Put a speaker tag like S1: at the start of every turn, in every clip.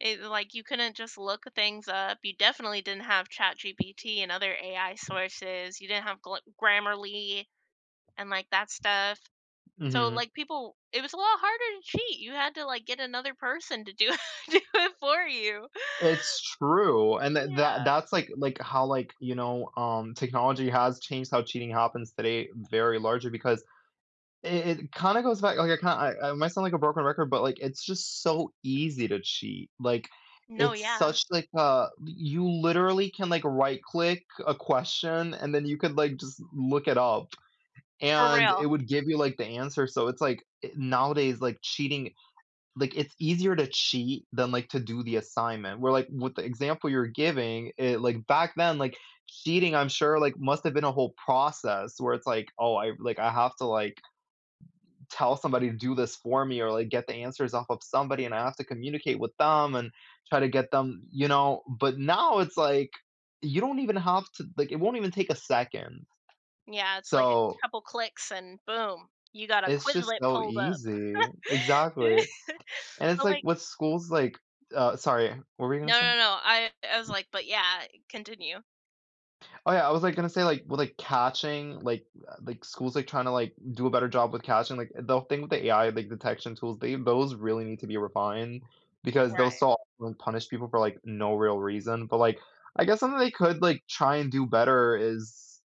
S1: It like, you couldn't just look things up, you definitely didn't have ChatGPT and other AI sources, you didn't have gl Grammarly and, like, that stuff, so,
S2: Mhm.
S1: like, people it was a lot harder to cheat, you had to, like, get another person to do do it for you.
S2: It's true, and tha that
S1: Yeah.
S2: that's like like how, like, you know, um, technology has changed how cheating happens today very largely because it it kinda goes back okay, ki I I might sound like a broken record, but, like, it's just so easy to cheat, like,
S1: No,
S2: it's
S1: yeah.
S2: such, like, a y you literally can, like, right click a question, and then you could, like, just look it up,
S1: For
S2: and it
S1: real.
S2: would give you, like, the answer, so, it's like, eh nowadays, like, cheating like, it's easier to cheat than, like, to do the assignment, where, like, with the example you're giving, it like, back then, like, cheating, I'm sure, like, must've been a whole process where it's like, "Oh, I like, I have to, like, tell somebody to do this for me, or, like, get the answers off of somebody, and I have to communicate with them, and try to get them" you know, but now, it's like, you don't even have to like, it won't even take a second,
S1: Yeah, it's, like,
S2: so
S1: a couple clicks and boom, you got a
S2: It's just
S1: Quizlet
S2: so
S1: pulled up,
S2: easy, exactly, and it's
S1: but,
S2: like,
S1: like
S2: what schools, like uh, sorry, what were you gonna
S1: No
S2: say?
S1: no no, I I was like but yeah, continue.
S2: Oh, yeah, I was, like, gonna say, like, well, like, catching like, uh, like, schools, they tryna, like, do a better job with catching, like, they'll think the AI like, the detection tools, they those really need to be refined because they'll
S1: Right.
S2: so often punish people for, like, no real reason, but like, I guess something they could, like, try and do better is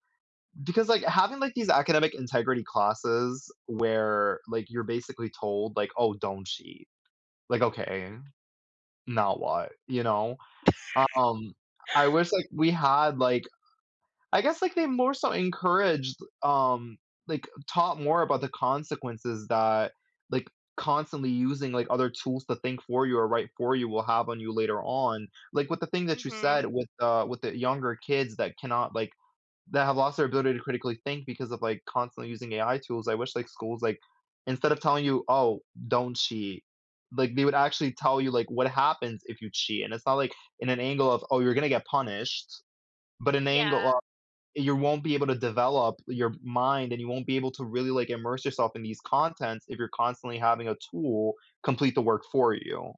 S2: because, like, having, like, these academic integrity classes where, like, you're basically told, like, "Oh, don't cheat," like, okay, now what, you know um, I wish, like, we had, like I guess, like, they more so encouraged, um like, taught more about the consequences that, like, constantly using, like, other tools to think for you, or write for you will have on you later on, like, with the thing that you
S1: Mhm.
S2: said with the with the younger kids that cannot, like that have lost their ability to critically think because of, like, constantly using AI tools. I wish, like, schools, like, instead of telling you, "Oh, don't cheat," like, they would actually tell you, like, what happens if you cheat, and it's not, like, in an angle of, "Oh, you're gonna get punished," but an angle of
S1: Yeah.
S2: you won't be able to develop your mind, and you won't be able to really, like, immerse yourself in these contents if you're constantly having a tool complete the work for you,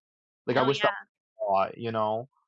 S2: like, I
S1: No,
S2: wish tha
S1: yeah.
S2: a lot, you know.